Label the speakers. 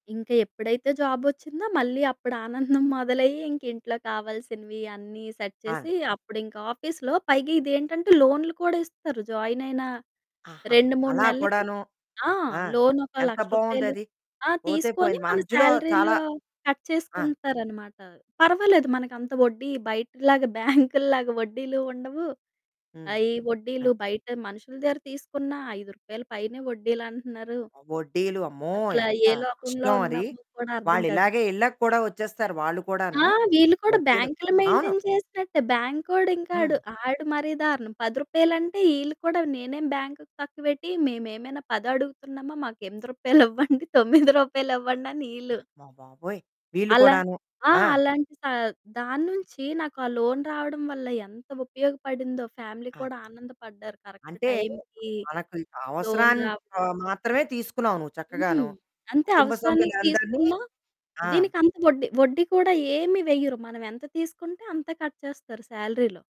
Speaker 1: ఇంకా ఎప్పుడైతే జాబొచ్చిందో మళ్ళీ అప్పుడానందం మొదలయ్యి, ఇంకింట్లో కావాల్సినవి అన్నీ సెట్
Speaker 2: ఆ!
Speaker 1: చేసి అప్పుడింకా ఆఫీస్‌లో, పైగా ఇదేంటంటే, లోన్లు కూడా ఇస్తారు జాయిన్ అయిన
Speaker 2: ఆహా!
Speaker 1: 2, 3
Speaker 2: అలా
Speaker 1: నెలలకి.
Speaker 2: కూడాను.
Speaker 1: ఆ!
Speaker 2: ఆ!
Speaker 1: లోనొక
Speaker 2: ఎంత
Speaker 1: రూ. 1,00,000.
Speaker 2: బాగుందది
Speaker 1: ఆ!
Speaker 2: పోతే
Speaker 1: తీసుకొని
Speaker 2: పోయింది.
Speaker 1: మన
Speaker 2: మధ్యలో చాలా
Speaker 1: సాలరీలో కట్
Speaker 2: ఆ!
Speaker 1: చేసుకుంటారనమాట. పర్వాలేదు మనకంత వడ్డీ బయటలాగా బ్యాంకుల్లాగా వడ్డీలు ఉండవు.
Speaker 2: హ్మ్.
Speaker 1: ఆహ్, ఈ
Speaker 2: అ!
Speaker 1: వడ్డీలు బయట మనుషుల దగ్గర తీసుకున్న రూ. 5 పైనే వడ్డీలంటున్నారు.
Speaker 2: వడ్డీలు అమ్మో!
Speaker 1: అసల
Speaker 2: ఎంత
Speaker 1: ఏ లోకంలో
Speaker 2: కష్టమది.
Speaker 1: ఉన్నామో కూడా అర్థం
Speaker 2: వాళ్ళు
Speaker 1: కాదు.
Speaker 2: ఇలాగే ఇళ్ళకి కూడా వచ్చేస్తారు వాళ్ళు
Speaker 1: ఆ!
Speaker 2: కూడాను.
Speaker 1: వీళ్ళు కూడా
Speaker 2: వడ్డీలు.
Speaker 1: బ్యాంకులు
Speaker 2: అవును.
Speaker 1: మెయింటైన్ చేసినట్టే, బ్యాంకోడు ఇంకాడు,
Speaker 2: హ్మ్.
Speaker 1: ఆడు మరీ దారుణం. రూ. 10 అంటే వీళ్ళు కూడా "నేనే బ్యాంక్ తక్కువ పెట్టి మేమేమైనా 10 అడుగుతున్నామా? మాకు రూ. 8 ఇవ్వండి రూ. 9 ఇవ్వండి" అని
Speaker 2: ఆ!
Speaker 1: ఈళ్ళు.
Speaker 2: అమ్మ బాబోయ్! వీళ్ళు
Speaker 1: అలా
Speaker 2: కూడాను.
Speaker 1: ఆ!
Speaker 2: ఆ!
Speaker 1: అలాంటి దా దాన్నుంచి నాకా లోన్ రావడం వల్ల ఎంత ఉపయోగపడిందో ఫ్యామిలీ
Speaker 2: కాదు.
Speaker 1: కూడా ఆనందపడ్డారు. కరెక్ట్
Speaker 2: అంటే
Speaker 1: టైమ్‌కి
Speaker 2: మనకు
Speaker 1: లోన్
Speaker 2: అవసరానికి
Speaker 1: రావడం.
Speaker 2: మాత్రమే తీసుకున్నావు. నువ్వు చక్కగాను
Speaker 1: హ్మ్. అంతే
Speaker 2: కుటుంబ
Speaker 1: అవసరానికి
Speaker 2: సభ్యులందరిని
Speaker 1: తీసుకున్నా
Speaker 2: ఆ!
Speaker 1: దీనికంత వడ్డీ వడ్డీ కూడా ఏమి వెయ్యరు. మనమెంత తీసుకుంటే అంత కట్ చేస్తారు సాలరీలో.